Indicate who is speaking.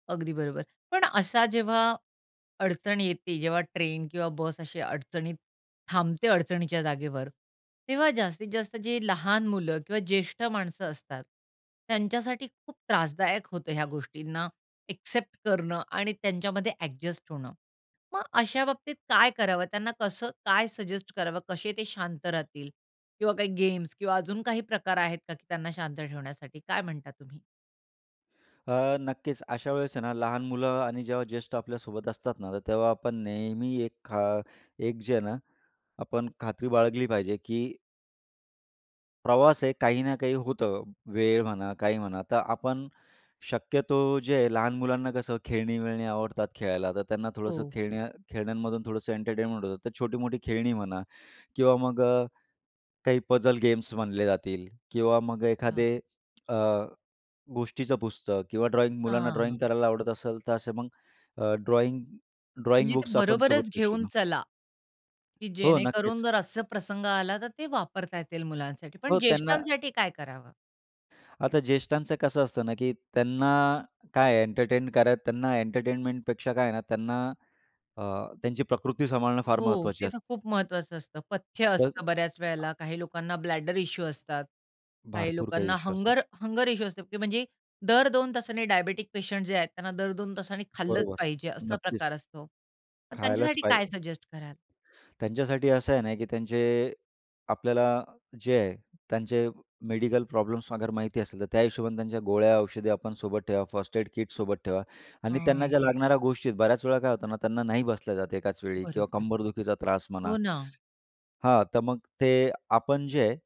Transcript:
Speaker 1: अगदी बरोबर. पण असा जेव्हा अडचण येते, जेव्हा ट्रेन किंवा बस अशी अडचणीत थांबते, अडचणीच्या जागेवर, तेव्हा जास्तीत-जास्त जे लहान मुलं किंवा ज्येष्ठ माणसं असतात, त्यांच्यासाठी खूप त्रासदायक होतं ह्या गोष्टींना एक्सेप्ट करणं आणि त्यांच्यामध्ये एडजस्ट होणं. मग अशा बाबतीत काय करावं? त्यांना कसं काय सजेस्ट करावं? कसे ते शांत राहतील ?किंवा काही गेम्स किंवा अजून काही प्रकार आहेत का की त्यांना शांत ठेवण्यासाठी? काय म्हणता तुम्ही?
Speaker 2: अ, नक्कीच.अशा वेळेस आहे ना लहान मुलं, आणि जेव्हा ज्येष्ठ आपल्यासोबत असतात ना तर तेव्हा आपण नेहमी एक खा एक जे आहे ना आपण खात्री बाळगली पाहिजे की प्रवास आहे, काही ना काही होतं. वेळ म्हणा, काही म्हणा, तर आपण शक्यतो जे आहे, लहान मुलांना कसं खेळणी-विळणी आवडतात खेळायला तर त्यांना थोडंसं
Speaker 1: हो.
Speaker 2: खेळण्या-खेळण्यांमधून थोडंसं एंटरटेनमेंट होतं तर छोटी-मोठी खेळणी म्हणा किंवा मग अ, काही पजल गेम्स म्हणले जातील, किंवा मग
Speaker 1: हां.
Speaker 2: एखादे अ, गोष्टीचं पुस्तक किंवा ड्रॉईंग मुलांना ड्रॉईंग
Speaker 1: हां.
Speaker 2: करायला आवडत असेल तर असे मग अ, ड्रॉईंग ड्रॉइंग
Speaker 1: म्हणजे ते
Speaker 2: बुक्स आपण सोबत
Speaker 1: बरोबरच
Speaker 2: घेऊ
Speaker 1: घेऊन
Speaker 2: शकतो.
Speaker 1: चला. की
Speaker 2: हो नक्कीच.
Speaker 1: जेणेकरून, जर असे प्रसंग आला तर ते वापरता येतील मुलांसाठी पण
Speaker 2: हो त्यांना
Speaker 1: ज्येष्ठांसाठी काय करावं?
Speaker 2: आता ज्येष्ठांच कसं असतं ना की त्यांना काय एंटरटेन करत त्यांना एंटरटेनमेंट पेक्षा काय आहे ना त्यांना अ, त्यांची प्रकृती सांभाळणं फार
Speaker 1: हो,
Speaker 2: महत्त्वाची
Speaker 1: ते तर
Speaker 2: असतेच.
Speaker 1: खूप महत्वाचं असतं. पथ्य
Speaker 2: तर
Speaker 1: असतं बऱ्याच
Speaker 2: आ
Speaker 1: वेळेला, काही लोकांना ब्लॅडर इश्यू असतात, काही
Speaker 2: भरपूर काही
Speaker 1: लोकांना
Speaker 2: विश्वास आहे.
Speaker 1: हंगर हंगर इश्यू असतात म्हणजे दर 2 तासांनी डायबिटिक पेशंट जे आहेत त्यांना दर 2 तासांनी खाल्लंच
Speaker 2: बरोबर,
Speaker 1: पाहिजे असा
Speaker 2: नक्कीच.
Speaker 1: प्रकार असतो. मग
Speaker 2: खायलाच
Speaker 1: त्यांच्यासाठी काय
Speaker 2: पाहिजे.
Speaker 1: सजेस्ट कराल?
Speaker 2: त्यांच्यासाठी असं आहे ना, की त्यांचे आपल्याला जे आहे त्यांचे मेडिकल प्रॉब्लेम्सअगर माहिती असेल तर त्या हिशोबाने त्यांच्या गोळ्या-औषधे आपण सोबत ठेवा. फर्स्ट एड किट सोबत ठेवा आणि त्यांना ज्या
Speaker 1: हम्म.
Speaker 2: लागणाऱ्या गोष्टी बऱ्याच वेळा काय होतं ना, त्यांना नाही बसल्या जात एकाच वेळी किंवा
Speaker 1: बरोबर.
Speaker 2: कंबरदुखीचा त्रास म्हणा
Speaker 1: हो ना.
Speaker 2: हां तर मग ते, आपण जे आहे